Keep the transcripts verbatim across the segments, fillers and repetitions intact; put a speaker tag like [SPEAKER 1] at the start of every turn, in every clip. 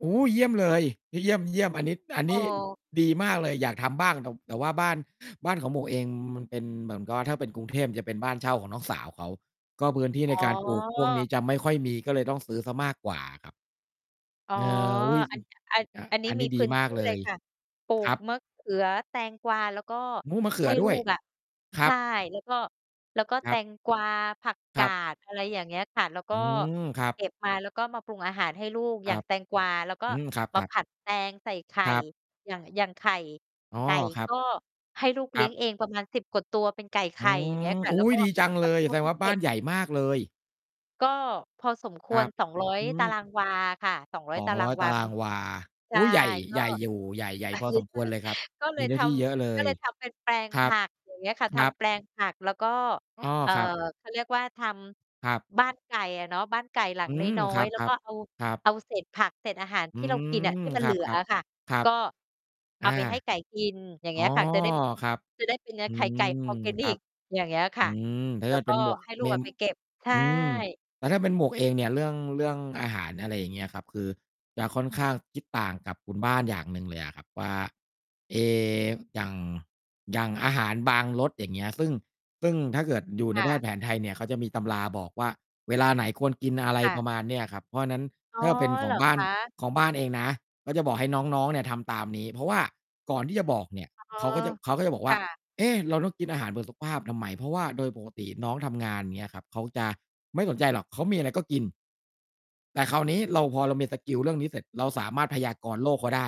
[SPEAKER 1] โอ้โฮ เยี่ยมเลย เยี่ยม ๆ อันนี้ อันนี้
[SPEAKER 2] เออ
[SPEAKER 1] ดีมากเลย อยากทำบ้าง แต่ แต่ว่าบ้าน บ้านของหมวกเองมันเป็นเหมือน ก็ถ้าเป็นกรุงเทพ มันเป็นบ้านเช่าของน้องสาวเขา ก็พื้นที่
[SPEAKER 2] อ
[SPEAKER 1] ใน
[SPEAKER 2] ๋
[SPEAKER 1] การปลูกพวกนี
[SPEAKER 2] อ
[SPEAKER 1] ้จะไม่ค่อยมี ก็เลยต้องซื้อเสียมากกว่าอะครับ
[SPEAKER 2] อ๋อ
[SPEAKER 1] เออ อุ๊ย
[SPEAKER 2] อั
[SPEAKER 1] อือ
[SPEAKER 2] น อัน
[SPEAKER 1] อ่า
[SPEAKER 2] อันนี
[SPEAKER 1] อ
[SPEAKER 2] ้
[SPEAKER 1] ันน
[SPEAKER 2] มี
[SPEAKER 1] ี้
[SPEAKER 2] พ
[SPEAKER 1] ดี
[SPEAKER 2] ื้น
[SPEAKER 1] ม
[SPEAKER 2] ท
[SPEAKER 1] าก
[SPEAKER 2] ี่
[SPEAKER 1] เล
[SPEAKER 2] เลย
[SPEAKER 1] ย
[SPEAKER 2] ค่ะ ปลู
[SPEAKER 1] คร
[SPEAKER 2] ก
[SPEAKER 1] ับ
[SPEAKER 2] มะเขือ แตงกวา แล้วก็
[SPEAKER 1] มู้ มะเขื
[SPEAKER 2] ให้
[SPEAKER 1] อด
[SPEAKER 2] ลู
[SPEAKER 1] ้วย
[SPEAKER 2] กอะ
[SPEAKER 1] คร
[SPEAKER 2] ใช
[SPEAKER 1] ั
[SPEAKER 2] ่
[SPEAKER 1] บ
[SPEAKER 2] แล้วก็ แล้วก็
[SPEAKER 1] ค
[SPEAKER 2] แต
[SPEAKER 1] รับ
[SPEAKER 2] งกวา ผักก
[SPEAKER 1] คร
[SPEAKER 2] า
[SPEAKER 1] ับ
[SPEAKER 2] ด อะไรอย่างเงี้ยค่ะ แล้วก
[SPEAKER 1] อ
[SPEAKER 2] ็
[SPEAKER 1] ืม ครับ
[SPEAKER 2] เก็บมา แล้วก็มาปรุงอาหารให้ลูก
[SPEAKER 1] ค
[SPEAKER 2] อย
[SPEAKER 1] ร
[SPEAKER 2] ่า
[SPEAKER 1] ั
[SPEAKER 2] ง
[SPEAKER 1] บ
[SPEAKER 2] แตงกวา เราก็
[SPEAKER 1] อืม คร
[SPEAKER 2] มา
[SPEAKER 1] ับ
[SPEAKER 2] ผ
[SPEAKER 1] ๆ
[SPEAKER 2] ัดแตงใส่ไข่
[SPEAKER 1] ครับ
[SPEAKER 2] อย่าง อย่างไข่
[SPEAKER 1] อ๋อ
[SPEAKER 2] ไก่
[SPEAKER 1] ครั
[SPEAKER 2] ก
[SPEAKER 1] บ
[SPEAKER 2] ็ให้ลูกเล
[SPEAKER 1] ค
[SPEAKER 2] ี
[SPEAKER 1] ร
[SPEAKER 2] ้ยง
[SPEAKER 1] ับ
[SPEAKER 2] เองประมาณ สิบ กว่าตัวเป็นไก่ไข
[SPEAKER 1] อื
[SPEAKER 2] ่ อย่างเงี้
[SPEAKER 1] ม
[SPEAKER 2] ยค่ะ
[SPEAKER 1] อุ๊
[SPEAKER 2] แล้วก
[SPEAKER 1] ย
[SPEAKER 2] ็
[SPEAKER 1] ดีจัง
[SPEAKER 2] ใ
[SPEAKER 1] เ
[SPEAKER 2] ห้
[SPEAKER 1] ลย
[SPEAKER 2] เข
[SPEAKER 1] แ
[SPEAKER 2] า
[SPEAKER 1] สด
[SPEAKER 2] ไป
[SPEAKER 1] งว่า
[SPEAKER 2] เก
[SPEAKER 1] บ้
[SPEAKER 2] ็
[SPEAKER 1] า
[SPEAKER 2] บ
[SPEAKER 1] นใหญ่มากเลย
[SPEAKER 2] ก็พอสมค
[SPEAKER 1] คร
[SPEAKER 2] วร
[SPEAKER 1] ับ
[SPEAKER 2] สองร้อย
[SPEAKER 1] อื
[SPEAKER 2] ตาร
[SPEAKER 1] ม
[SPEAKER 2] างวาค่ะ สองร้อ
[SPEAKER 1] ส
[SPEAKER 2] ย
[SPEAKER 1] อ
[SPEAKER 2] ต
[SPEAKER 1] ง
[SPEAKER 2] าร
[SPEAKER 1] ร
[SPEAKER 2] า
[SPEAKER 1] ้อ
[SPEAKER 2] ง
[SPEAKER 1] ย
[SPEAKER 2] ว
[SPEAKER 1] ตา
[SPEAKER 2] า
[SPEAKER 1] ร
[SPEAKER 2] เป
[SPEAKER 1] า
[SPEAKER 2] ็น
[SPEAKER 1] งวา
[SPEAKER 2] ใช
[SPEAKER 1] อ
[SPEAKER 2] ่
[SPEAKER 1] ุ๊ย ใหญ่
[SPEAKER 2] ก
[SPEAKER 1] ใ
[SPEAKER 2] ็
[SPEAKER 1] หญ่อยู่ ใหญ่ ใหญ่พอสมควรเลยครับ
[SPEAKER 2] ก็เล
[SPEAKER 1] มี
[SPEAKER 2] ย
[SPEAKER 1] เนื
[SPEAKER 2] ท
[SPEAKER 1] ้อที่เยอะเล
[SPEAKER 2] ำ ก็
[SPEAKER 1] ย
[SPEAKER 2] เลยทำเป็นแปลง
[SPEAKER 1] คร
[SPEAKER 2] ผ
[SPEAKER 1] ับ
[SPEAKER 2] ัก อย่างเงี้ยค่ะ ท
[SPEAKER 1] ครับ
[SPEAKER 2] ำแปลงผัก แล้วก็
[SPEAKER 1] อ้อ
[SPEAKER 2] เอ่อ
[SPEAKER 1] ครับ
[SPEAKER 2] เขาเรียกว่า ท
[SPEAKER 1] ครับ
[SPEAKER 2] ำบ้านไก่อะเนาะ บ้านไก่หลั
[SPEAKER 1] อ
[SPEAKER 2] ง
[SPEAKER 1] ื
[SPEAKER 2] น
[SPEAKER 1] ม
[SPEAKER 2] ้อ
[SPEAKER 1] คร
[SPEAKER 2] ย
[SPEAKER 1] ับ
[SPEAKER 2] ๆ แล้
[SPEAKER 1] ๆ ค
[SPEAKER 2] วก็เอา
[SPEAKER 1] รับ
[SPEAKER 2] เอาเศษผักเศษอาหาร
[SPEAKER 1] อ
[SPEAKER 2] ท
[SPEAKER 1] ื
[SPEAKER 2] ี่เรากินน่ะ
[SPEAKER 1] ม
[SPEAKER 2] ที่มัน
[SPEAKER 1] ค
[SPEAKER 2] เห
[SPEAKER 1] ร
[SPEAKER 2] ล
[SPEAKER 1] ั
[SPEAKER 2] ื
[SPEAKER 1] บ
[SPEAKER 2] อ
[SPEAKER 1] ๆ
[SPEAKER 2] อะค่ะ
[SPEAKER 1] ครั
[SPEAKER 2] ก
[SPEAKER 1] บ
[SPEAKER 2] ็เอ
[SPEAKER 1] อ
[SPEAKER 2] า
[SPEAKER 1] า
[SPEAKER 2] ไปให้ไก่กิน อย่าง
[SPEAKER 1] อ
[SPEAKER 2] เ
[SPEAKER 1] ๋
[SPEAKER 2] งี
[SPEAKER 1] อ
[SPEAKER 2] ้ยค่ะ จะได้
[SPEAKER 1] ครับ
[SPEAKER 2] จะได้เป็นเนื้อ
[SPEAKER 1] อื
[SPEAKER 2] ไข่ไก่
[SPEAKER 1] ม
[SPEAKER 2] ออร์แกนิ
[SPEAKER 1] ครั
[SPEAKER 2] ก
[SPEAKER 1] บ
[SPEAKER 2] อย่างเงี้ยค
[SPEAKER 1] อื
[SPEAKER 2] ่ะ
[SPEAKER 1] ม แต่
[SPEAKER 2] แ
[SPEAKER 1] ถ
[SPEAKER 2] ล้
[SPEAKER 1] ้
[SPEAKER 2] ว
[SPEAKER 1] า
[SPEAKER 2] ก
[SPEAKER 1] เ
[SPEAKER 2] ็
[SPEAKER 1] ป็นหมวก
[SPEAKER 2] ให้ลู
[SPEAKER 1] เม
[SPEAKER 2] กอะ
[SPEAKER 1] ม
[SPEAKER 2] ไปเก็บ ใช
[SPEAKER 1] อืม
[SPEAKER 2] ่
[SPEAKER 1] แต่ถ้าเป็นหมวกเองเนี่ย เรื่อง เรื่องอาหาร อะไรอย่างเงี้ยครับ คือจะค่อนข้างคิดต่างกับคุณบ้านอย่างหนึ่งเลยอะครับว่า เอ๊ อย่าง อย่างอาหารบางรส อย่างเงี้ย ซึ่ง ซึ่งถ้าเกิดอยู่
[SPEAKER 2] ค
[SPEAKER 1] ใน
[SPEAKER 2] ่
[SPEAKER 1] แพ
[SPEAKER 2] ะ
[SPEAKER 1] ทย์แผนไทยเนี่ย เขาจะมีตำราบอกว่า เวลาไหนควรกิน อะไร
[SPEAKER 2] ค่ะ
[SPEAKER 1] ประมาณเนี้ยอะครับ เพราะฉะนั้น
[SPEAKER 2] อ๋อ
[SPEAKER 1] ถ้าเป็นข
[SPEAKER 2] เ
[SPEAKER 1] อ
[SPEAKER 2] หร
[SPEAKER 1] ง
[SPEAKER 2] อ
[SPEAKER 1] บ้า
[SPEAKER 2] ค
[SPEAKER 1] น
[SPEAKER 2] ะ?
[SPEAKER 1] ของบ้านเองนะ ก็จะบอกให้น้อง ๆ เนี่ยทำตามนี้ เพราะว่าก่อนที่จะบอกเนี่ย
[SPEAKER 2] อ๋อ
[SPEAKER 1] เขาก็จะ เขาก็จะบอก
[SPEAKER 2] ค
[SPEAKER 1] ว่า
[SPEAKER 2] ่ะ
[SPEAKER 1] เอ๊ะ เราต้องกินอาหารเพื่อสุขภาพทำไม? เพราะว่าโดยปกติน้องทำงาน อย่างเงี้ยครับ เขาจะไม่สนใจหรอก เขามีอะไรก็กิน แต่คราวนี้เรา พอเรามีสกิลเรื่องนี้เสร็จ เราสามารถพยากรณ์โรคเขาได้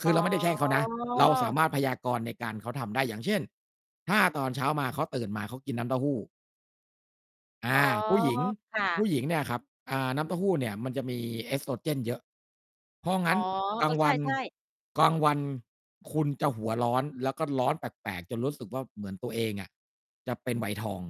[SPEAKER 1] ค
[SPEAKER 2] อ
[SPEAKER 1] ื
[SPEAKER 2] ๋
[SPEAKER 1] อเราไม่ได้แช่งเขานะ เราสา
[SPEAKER 2] อ
[SPEAKER 1] มารถพยากรณ์ในการ เขาทำได้ อย่างเช่น ถ้าตอนเช้ามา เขาตื่นมา เขากินน้ำเต้าหู้ อ
[SPEAKER 2] อ๋
[SPEAKER 1] า
[SPEAKER 2] อ
[SPEAKER 1] ผู้หญิง
[SPEAKER 2] ค่
[SPEAKER 1] ผู
[SPEAKER 2] ะ
[SPEAKER 1] ้หญิงเนี่ยครับ อ่า น้ำเต้าหู้เนี่ยมันจะมี Estrogen เยอะ เพราะง
[SPEAKER 2] อ
[SPEAKER 1] ั
[SPEAKER 2] ๋
[SPEAKER 1] ้
[SPEAKER 2] อ
[SPEAKER 1] นกล
[SPEAKER 2] เอ
[SPEAKER 1] าง
[SPEAKER 2] อ ใ
[SPEAKER 1] ว
[SPEAKER 2] ช
[SPEAKER 1] ัน
[SPEAKER 2] ่ ๆ
[SPEAKER 1] กลางวันคุณจะหัวร้อน แล้วก็ร้อนแปลก ๆ จนรู้สึกว่า เหมือนตัวเองอะจะเป็นวัยทอง